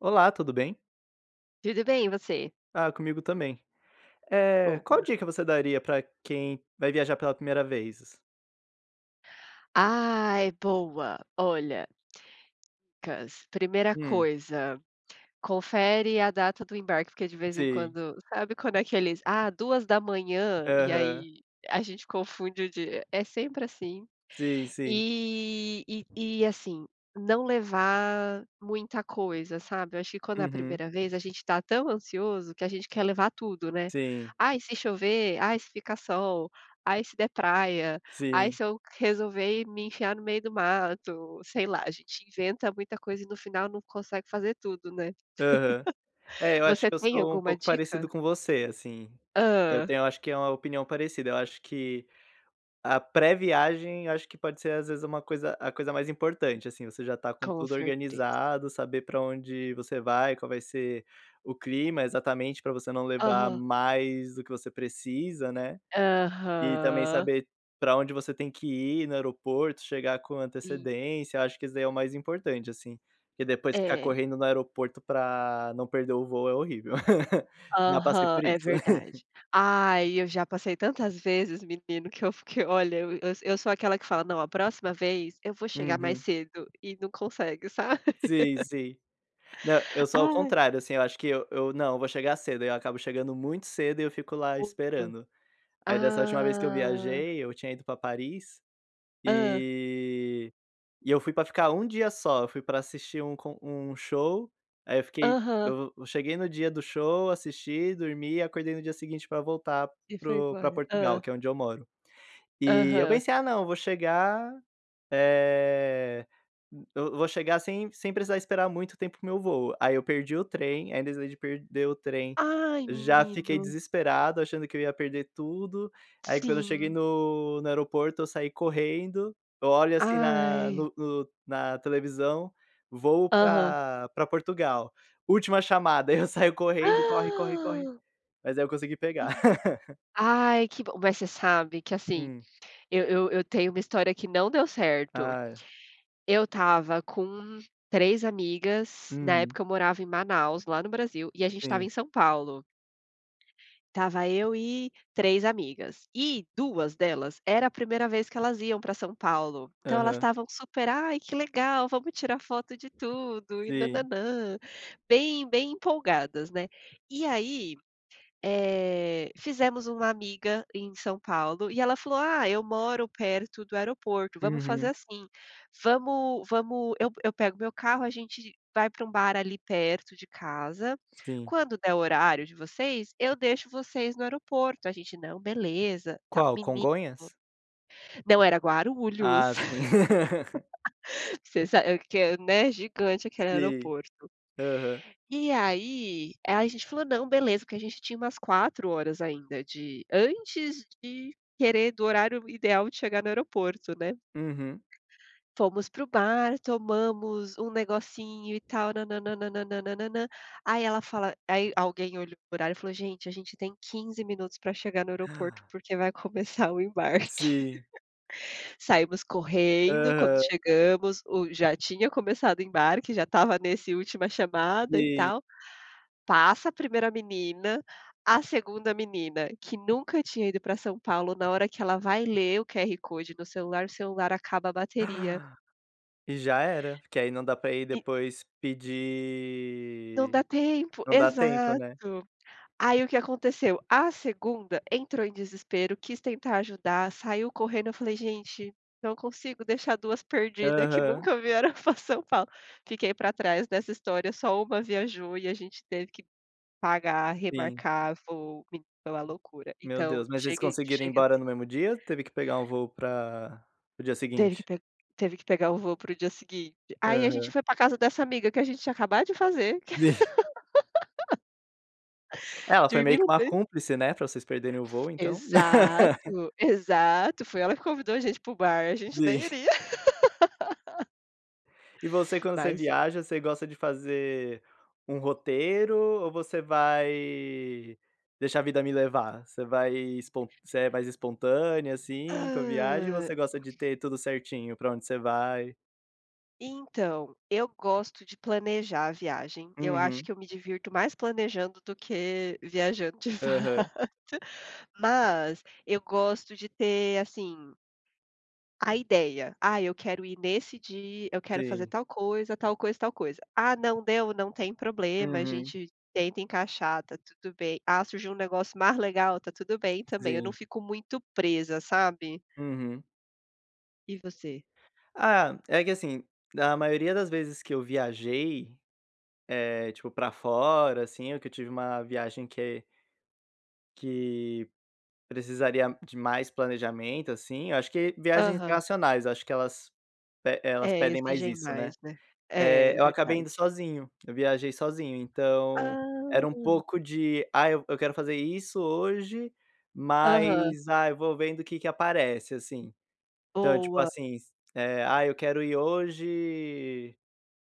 Olá, tudo bem? Tudo bem, e você? Ah, comigo também. Eh, qual Boa. dica você daria pra quem vai viajar pela 1ª vez? Ai, boa. Olha [unintelligible] Primeira Hum. coisa, confere a data do embarque, porque de vez em Sei. quando sabe quando é que eles: "Ah, 2h", e Aham. aí a gente confunde o dia. É sempre assim. Sim, sim. E e e assim, não levar muita coisa, sabe. Eu acho que quando é a Uhum. 1ª vez, a gente tá tão ansioso, que a gente quer levar tudo, né. Sim. "Ah, e se chover. Ah, e se fica sol. Ah, e se der praia. Ah, e Sim. se eu q resolver me enfiar no meio do mato", sei lá, a gente inventa muita coisa, e no final não consegue fazer tudo, né. Aham. É, eu acho Você que eu tem sou um alguma pouco dica? parecido com você, assim. Eu Hã? tenho, eu acho, que é uma opinião parecida, eu acho que a pré-viagem, acho que pode ser às vezes uma coisa a coisa mais importante, assim, você já tá com Com tudo certeza. organizado, saber pra onde você vai, qual vai ser o clima exatamente, pra você não levar Aham. mais do que você precisa, né. E também Aham. saber pra onde você tem que ir no aeroporto, chegar com Sim. antecedência. Eu acho que isso daí é o mais importante, assim. Porque depois ficar É. correndo no aeroporto pra não perder o voo é horrível. Já passei Aham, por é isso. verdade. Ai, eu já passei tantas vezes menino, que eu fiquei olha, eu eu eu sou aquela que fala: "Não, a próxima vez, eu vou chegar mais Uhum. cedo", e não consegue, sabe. Sim, sim. Não, eu sou o Ai. contrário, assim, eu acho que eu eu: "Não, eu vou chegar cedo", e aí eu acabo chegando muito cedo, e eu fico lá [unintelligible] esperando. Aí dessa última vez que eu Ah. viajei, eu tinha ido pra Paris Hã. e e eu fui pra ficar um dia só, eu fui pra assistir um con um show, aí eu fiquei Aham. eu eu cheguei no dia do show, assisti, dormi, acordei no dia seguinte pra voltar E para foi o pra embora. Portugal, Hã. que é onde eu moro. E, eu Aham. pensei: "Ah não, e eu vou chegar, eh, eu vou chegar sem sem precisar esperar muito tempo para o meu voo". Aí eu perdi o trem, ainda [unintelligible] de perder o trem, Ai, já fiquei menino. desesperado, achando que eu ia perder tudo. Aí quando eu cheguei Sim. no no aeroporto, eu saí correndo. Eu olho, assim, na Ai. no no na televisão, voo Aham. pra pra Portugal: última chamada, aí eu saio correndo, e corre, corre, corre. Ah! Mas aí eu consegui pegar. Ai que bom, mas você sabe que assim, Hum. eu eu eu tenho uma história que não deu certo. Ah, é. Eu estava com 3 amigas na Uhum. época eu morava em Manaus, lá no Brasil, e a gente estava em Sim. São Paulo. Tava eu e 3 amigas, e 2 delas, era a 1ª vez que elas iam pra São Paulo. Então elas Aham. estavam super: "Ai, que legal, vamos tirar foto de tudo e Sim. nã-nã-nã", bem bem empolgadas, né. E aí, eh, fizemos uma amiga em São Paulo, e ela falou: "Ah, eu moro perto do aeroporto. Vamos fazer Uhum. assim, vamos vamos eu eu pego meu carro, a gente vai pra um bar ali perto de casa. Sim. Quando der o horário de vocês, eu deixo vocês no aeroporto". A gente: "Não, beleza". Tá, Qual, menino Congonhas? não era Guarulhos. Ah, sim. Você sabe eu que é né, gigante aquele Sim. aeroporto. Aham. E aí aí a gente falou: "Não, beleza", porque a gente tinha umas 4 horas ainda, de antes de querer do horário ideal de chegar no aeroporto, né. Uhum. Fomos para o bar, tomamos um negocinho, e tal, nã-nã-nã-nã-nã-nã-nã. Aí ela fala aí, alguém olhou o horário, e falou: "Gente, a gente tem 15 minutos pra chegar no aeroporto, porque vai começar o embarque. Sim. Saímos correndo, quando Aham. chegamos, o já tinha começado o embarque, já estava nesse última chamada, e Sim. tal. Passa a 1ª menina, a 2ª menina, que nunca tinha ido pra São Paulo, na hora que ela vai ler o QR Code no celular, o celular acaba a bateria. E já era, porque aí não dá pra ir E depois Não pedir dá tempo não dá tempo, né. exato. Aí o que aconteceu, a 2ª entrou em desespero, quis tentar ajudar, saiu correndo, eu falei: "Gente, não consigo deixar 2 perdida que Aham. nunca vieram pra São Paulo. Fiquei para trás dessa história, só 1 viajou, e a gente teve que pagar, Sim. remarcar voo, me pela loucura. Meu Então Deus, mas eles chegue conseguiram ir chegue a embora no tempo. mesmo dia, ou teve que pegar um voo para para o dia Teve que seguinte? pe teve que pegar o voo para o dia seguinte. Aí a gente Aham. foi pra casa dessa amiga, que a gente tinha acabado de fazer. É, ela foi meio que uma [unintelligible] cúmplice, né? Pra vocês perderem o voo, então. Exato. Exato, foi ela que convidou a gente para o bar, a gente Vi. nem iria. E você, quando você Mas é. viaja, você gosta de fazer um roteiro, ou você vai deixar a vida me levar? Você vai espon você é mais espontânea, assim, com a viagem, Hã. você gosta de ter tudo certinho? Pra onde você vai. Então eu gosto de planejar a viagem. Eu acho Uhum. que eu me divirto mais planejando do que viajando de fato. Aham. Mas eu gosto de ter assim a ideia. Ah, eu quero ir nesse dia, eu quero fazer Sim. tal coisa, tal coisa, tal coisa. Ah, não deu, não tem problema. A Uhum. gente tenta encaixar, tá tudo bem. Ah, surgiu um negócio mais legal, tá tudo bem também. Eu não Sim. fico muito presa, sabe? Uhum. E você? Ah, é que assim, a maioria das vezes que eu viajei, é, tipo, pra fora assim ou que eu tive uma viagem que que precisaria de mais planejamento, assim, eu acho que viagens Aham. internacionais, eu acho que elas pe elas É, pedem mais exigem isso, né? mais, né? É, Eh, é eu acabei verdade. indo sozinho, eu viajei sozinho, então era um Ah. pouco de ah, eu eu quero fazer isso hoje, Aham. mas ah, eu vou vendo o que que aparece, assim. Então, tipo Boa. assim, se eh, ah, eu quero ir hoje,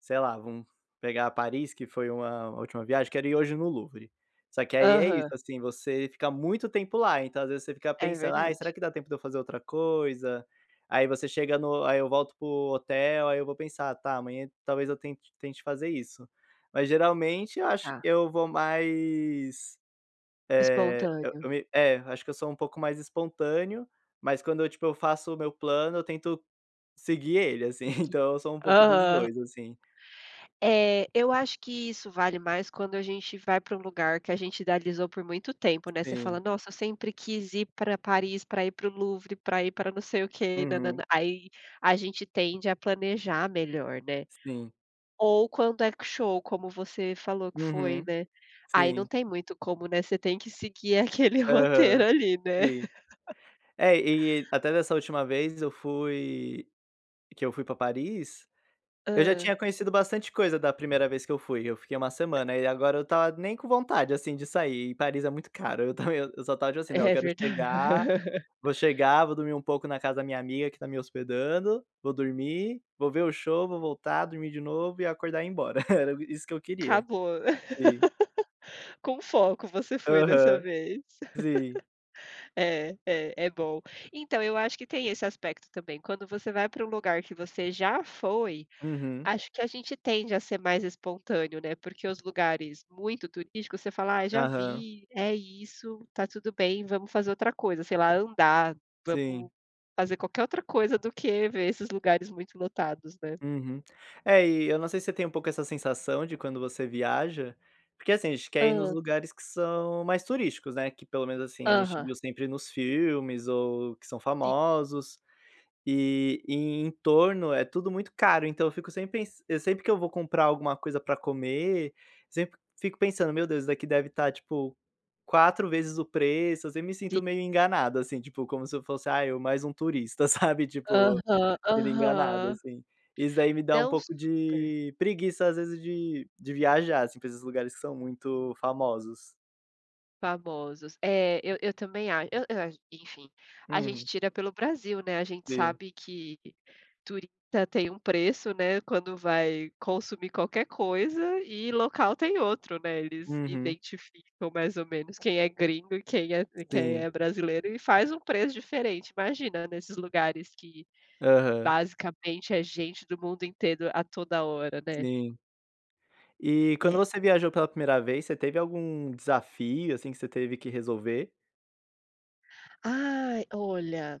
sei lá, vamos pegar Paris, que foi uma uma última viagem. Quero ir hoje no Louvre. Só que aí é isso, Aham. assim, você fica muito tempo lá, então às vezes você fica É pensando: "Ah, verdade. será que dá tempo de eu fazer outra coisa?" Aí você chega no aí eu volto para o hotel, aí eu vou pensar, tá amanhã talvez eu tente tente fazer isso. Mas geralmente, eu acho que Tá. eu vou mais, eh, eu Espontâneo. eu me é, acho que eu sou um pouco mais espontâneo, mas quando eu, tipo, eu faço o meu plano, eu tento seguir ele assim, E que então eu sou um pouco dos aham. 2 assim. É, eu acho que isso vale mais quando a gente vai pra um lugar que a gente idealizou por muito tempo, né? Você fala Sim. nossa, eu sempre quis ir pra Paris, pra ir para o Louvre, pra ir pra não sei o quê nã-nã-nã, Uhum. aí a gente tende a planejar melhor, né. Sim. Ou quando é que o show, como você falou que foi, Uhum, né. Aí não sim. tem muito como, né. Você tem que seguir aquele Aham, roteiro ali, né? sim. É e até dessa última vez eu fui que eu fui pra Paris, eu já Hã. tinha conhecido bastante coisa da primeira vez que eu fui, eu fiquei uma semana, e agora eu tava nem com vontade assim de sair e Paris é muito caro, eu também eu só estava tipo assim não, eu É quero verda chegar vou chegar, vou dormir um pouco na casa da minha amiga que tá me hospedando, vou dormir, vou ver o show, vou voltar dormir de novo e acordar e ir embora. Era isso que eu queria, Acabou. sim. Com foco, você foi dessa Aham, vez. sim. É, é, é bom. Então eu acho que tem esse aspecto também. Quando você vai pra um lugar que você já foi, Uhum. acho que a gente tende a ser mais espontâneo, né? Porque os lugares muito turísticos, você fala "Ah, já Aham. vi, é isso, tá tudo bem, vamos fazer outra coisa, sei lá andar, vamos Sim. fazer qualquer outra coisa do que ver esses lugares muito lotados, né?" Uhum, é, e eu não sei se você tem um pouco essa sensação de quando você viaja, porque, assim, a gente quer ir nos Hã. lugares que são mais turísticos, né. Que pelo menos assim a gente Aham. viu sempre nos filmes ou que são Sim. famosos. E e em torno é tudo muito caro, então eu fico sem pensan sempre que eu vou comprar alguma coisa pra comer, sempre fico pensando meu Deus, isso daqui deve tá tipo 4 vezes o preço. Eu sempre me Sim. sinto meio enganado assim, tipo como se eu fosse, ah, eu mais um turista, sabe tipo Aham, sendo enganado aham. assim. Isso daí me dá um Dão pouco super! de preguiça, às vezes de de viajar, assim, pra esses lugares que são muito famosos. Famosos, é, eu eu também acho, eu eu ach enfim, a gente Uhum. tira pelo Brasil, né, a gente Sim. sabe que turista tem um preço, né, quando vai consumir qualquer coisa, e local tem outro, né, eles Uhum. identificam mais ou menos quem é gringo e quem é quem Sim. é brasileiro e faz um preço diferente, imagina nesses lugares que, Aham. basicamente, é gente do mundo inteiro a toda hora, né? Sim. E quando É. você viajou pela primeira vez, você teve algum desafio, assim, que você teve que resolver? Ai, olha.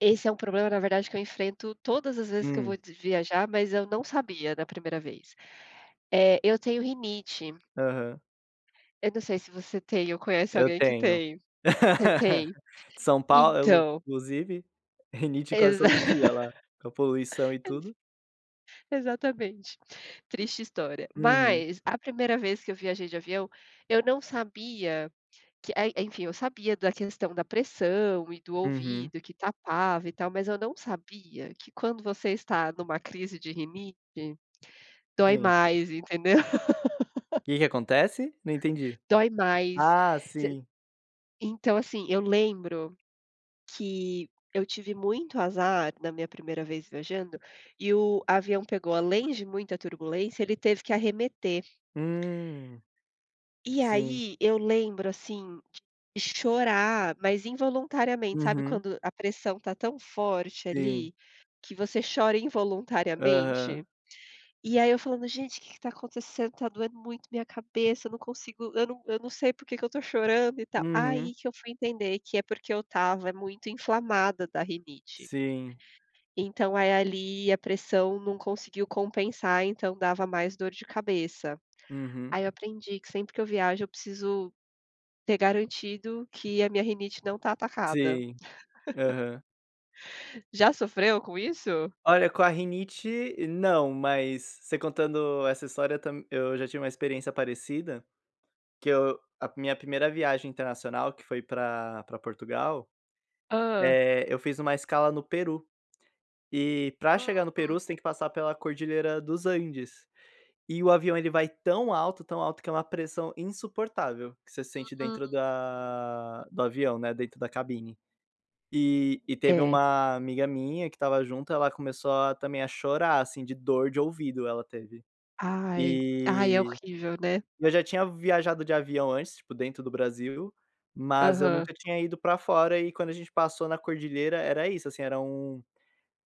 Esse é um problema, na verdade, que eu enfrento todas as vezes que eu Hum. vou de viajar, mas eu não sabia da primeira vez, eh, eu tenho rinite Aham. eu não sei se você tem, ou conhece Eu alguém que tenho. tem? Você tem? São Paulo, Então inclusive, rinite quase Exa todo dia lá, com a poluição e Exa tudo. exatamente, triste história. Uhum. Mas, a primeira vez que eu viajei de avião, eu não sabia que é en enfim, eu sabia da questão da pressão e do Uhum. ouvido que tapava e tal, mas eu não sabia que quando você está numa crise de rinite dói Sim. mais, entendeu? Que que acontece? Não entendi. Dói mais. Ah, Voc sim. então, assim, eu lembro que eu tive muito azar na minha primeira vez viajando e o avião pegou, além de muita turbulência, ele teve que arremeter Hum, e sim. aí, eu lembro assim de chorar, mas, involuntariamente, sabe Uhum. quando a pressão está tão forte Sim. ali que você chora involuntariamente? Aham. E aí eu falando: "Gente, o que que está acontecendo, tá doendo muito minha cabeça, eu não consigo, eu não eu não sei por que que eu estou chorando" e tal. Uhum. Aí que eu fui entender que é porque eu estava muito inflamada da rinite Sim. então, eh, ali a pressão não conseguiu compensar, então dava mais dor de cabeça. Uhum. Aí eu aprendi que sempre que eu viajo eu preciso ter garantido que a minha rinite não tá atacada. Sim, aham. Já sofreu com isso? Olha, com a rinite não, mas você contando essa história eu tam eu já tive uma experiência parecida, que eu a minha primeira viagem internacional, que foi pra pra Portugal, Hã? eh, eu fiz uma escala no Peru, e pra chegar no Peru Uhum. você tem que passar pela Cordilheira dos Andes, e o avião ele vai tão alto, tão alto, que é uma pressão insuportável que você sente dentro Hum. da do avião, né, dentro da cabine. E e teve É. uma amiga minha, que estava junto, ela começou a também a chorar, assim, de dor de ouvido ela teve. Ai, ai. É E horrível, né. e eu já tinha viajado de avião antes, tipo dentro do Brasil, mas eu Aham. nunca tinha ido pra fora, e quando a gente passou na Cordilheira era isso, assim, era um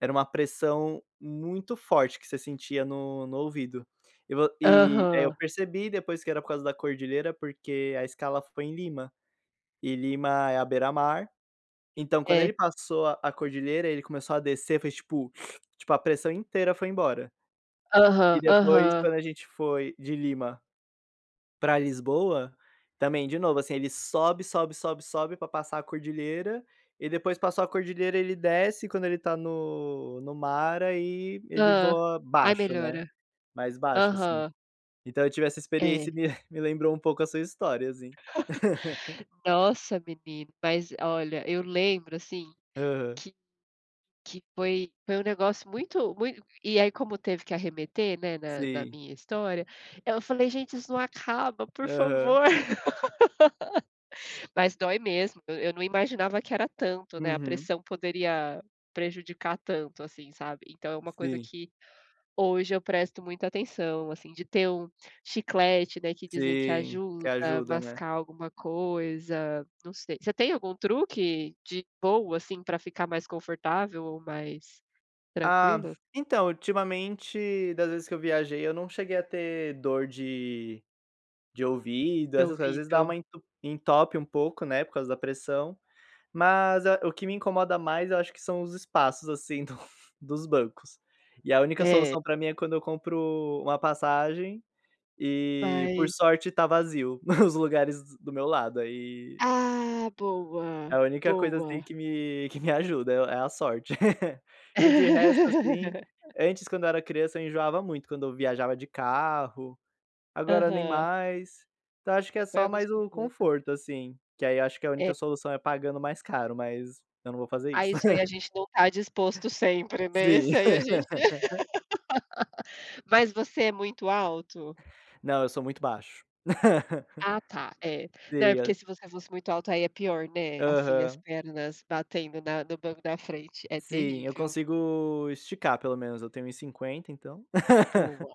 era uma pressão muito forte que você sentia no no ouvido, e vo e aí eu Aham. percebi depois que era por causa da Cordilheira, porque a escala foi em Lima e Lima é à beira-mar, então quando É. ele passou a cordilheira, ele começou a descer, fez tipo tipo, a pressão inteira foi embora. Aham, E, depois, aham. quando a gente foi de Lima para Lisboa também, de novo, assim. Ele sobe, sobe, sobe, sobe para passar a Cordilheira, e depois que passou a Cordilheira, ele desce, quando ele está no no mar, aí ele Hã, voa aí baixo, né, melhora, mais baixo, assim, aham. então eu tive essa experiência É. e me me lembrou um pouco a sua história assim. Nossa, menino, mas, olha, eu lembro assim Aham. que que foi foi um negócio muito muito e aí, como teve que arremeter, né, na na Sim. minha história, eu falei: "Gente, isso não acaba, por Aham. favor", mas dói mesmo, eu eu não imaginava que era tanto, né, a Uhum. pressão poderia prejudicar tanto, assim, sabe, então é uma coisa Sim. que hoje eu presto muita atenção, assim, de ter um chiclete, né, que dizem que Sim, que ajuda, ajuda, né. mascar alguma coisa, não sei, você tem algum truque de boa, assim, pra ficar mais confortável ou mais Ah, tranquilo? então, ultimamente, das vezes que eu viajei, eu não cheguei a ter dor de de ouvido, De essas coisas, às vezes dá uma ouvido. en entope um pouco, né, por causa da pressão. Mas, é. O que me incomoda mais, eu acho que são os espaços assim do dos bancos, e a única É. solução pra mim é quando eu compro uma passagem e por Mas sorte tá vazio os lugares do meu lado aí Ah, é boa, a única coisa assim boa. que me que me ajuda, é é a sorte, que de resto, assim, antes, quando eu era criança, eu enjoava muito quando eu viajava de carro, agora nem Aham. mais. Então eu acho que é Vai só mais o acostumando. conforto, assim, que aí eu acho que a É. única solução é pagando mais caro, mas eu não vou fazer isso. Ai, isso aí a gente não está disposto sempre, né, Sim. isso aí a gente mas você é muito alto? Não, eu sou muito baixo. Ah, tá, é. Não, é Sim, porque é se você fosse muito alto, aí é pior, né? Assim, as Aham. pernas batendo na no banco da frente, é Sim, eu terrível. consigo esticar, pelo menos. Eu tenho 1,50 então. Boa,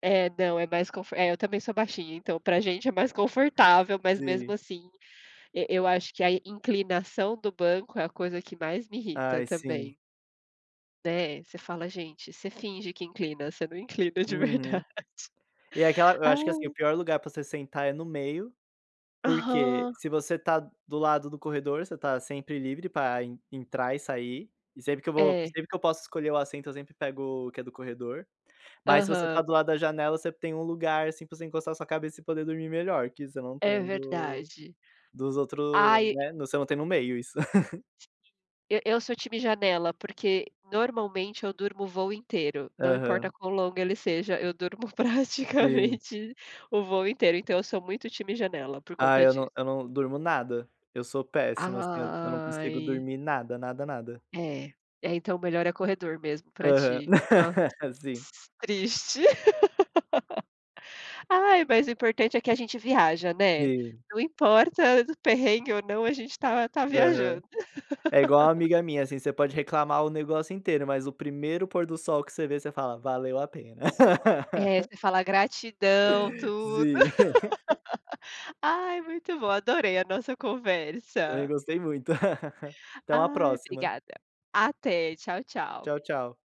é. Não, é mais conf é, eu também sou baixinha, então pra gente é mais confortável, mas, mesmo Sim. assim, e eu acho que a inclinação do banco é a coisa que mais me irrita Ai, sim. também. Né, você fala: "Gente" você finge que inclina, você não inclina de Uhum. verdade. E aquela eu acho que, assim, o Ah! pior lugar pra você sentar é no meio, porque Aham. se você tá do lado do corredor, você tá sempre livre pra en entrar e sair. E sempre que eu vou É. sempre que eu posso escolher o assento, eu sempre pego o que é do corredor. Mas se você tá Aham. do lado da janela, você tem um lugar, assim, pra você encostar a sua cabeça e poder dormir melhor, que você não É tem do verdade. dos outros, Ai. né, você não tem no meio isso. E eu sou time janela, porque, normalmente eu durmo o voo inteiro. Não importa Aham. quão longo ele seja, eu durmo Sim. praticamente o voo inteiro, então eu sou muito time janela por Ah, conta eu disso. não eu não durmo nada. Eu sou péssimo, assim, eu eu não consigo Ai! dormir nada, nada, nada. É. É, então melhor é corredor mesmo pra Aham. ti. Hã. Sim. Triste. Ai, mas o importante é que a gente viaja, né? Sim. Não importa do perrengue ou não, a gente tá tá Aham. viajando. É igual uma amiga minha, assim, você pode reclamar o negócio inteiro, mas o primeiro pôr do sol que você vê, você fala: "Valeu a pena." É, você fala: "Gratidão", tudo. Sim. Ai, muito bom. Adorei a nossa Também conversa. gostei muito. Até uma Ai, próxima. obrigada. Até. Tchau, tchau. Tchau, tchau.